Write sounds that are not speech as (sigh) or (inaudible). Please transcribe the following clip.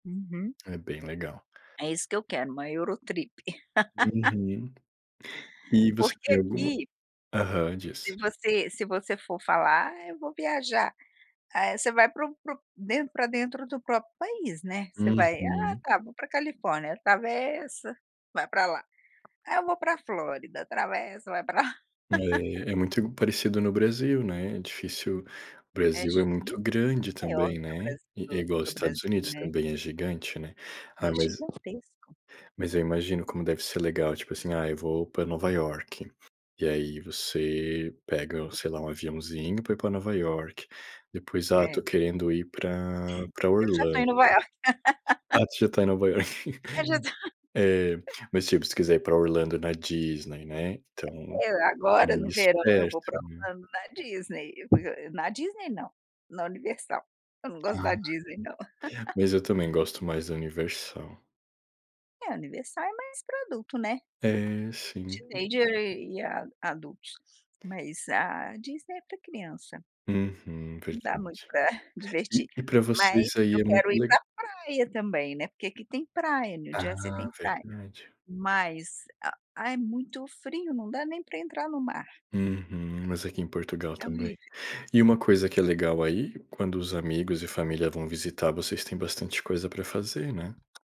Uhum. É bem legal. É isso que eu quero, uma Eurotrip. (laughs) Uhum. E você porque tem alguma aqui aham, se diz. você se você for falar: "Ah, eu vou viajar". Eh, você vai para o para o den para dentro do próprio país, né, você vai: "Ah Uhum. tá, eu vou para Califórnia". Atravessa, vai para lá: "Aí eu vou para Flórida". Atravessa, vai pra (laughs) É, é muito i parecido no Brasil, né, é difícil o É Brasil é difícil, muito (unintelligible) grande maior do também, que o né, Bras eh, é do igual que o Estados Brasil, Unidos né. também é gigante, né. Ah, É mas gigantesco. mas eu imagino como deve ser legal, tipo assim: "Ah, eu vou para Nova Iorque". E aí você pega, sei lá, um aviãozinho para ir para Nova Iorque, depois: "Ah, estou É. querendo ir para para E eu já estou Orlando". em Nova York. Ah, (laughs) tu já está em Nova Iorque, Eu já tô. eh, mas, tipo, se quiser ir pra Orlando na Disney, né, então, Eh, é agora no mais verão eu vou pra perto, né. Orlando, na Disney, porque eu na Disney não, na Universal, eu não gosto da Disney não. (unintelligible) (laughs) Mas eu também gosto mais da Universal. É, a Universal é mais para adulto, né, É, sim. teenager e a adultos, mas a Disney é para criança. Uhum, Não dá verdade. muito pra (chuckles) E divertir, e para você mas isso aí eu é muito quero ir le pra praia também, né. Porque aqui tem praia, New Jersey Ah, tem praia, verdade. mas, ah, é muito frio, não dá nem para entrar no mar. Uhum, mas aqui em Portugal É também. horrível. E uma coisa que é legal aí, quando os amigos e família vão visitar, vocês têm bastante coisa para fazer, né?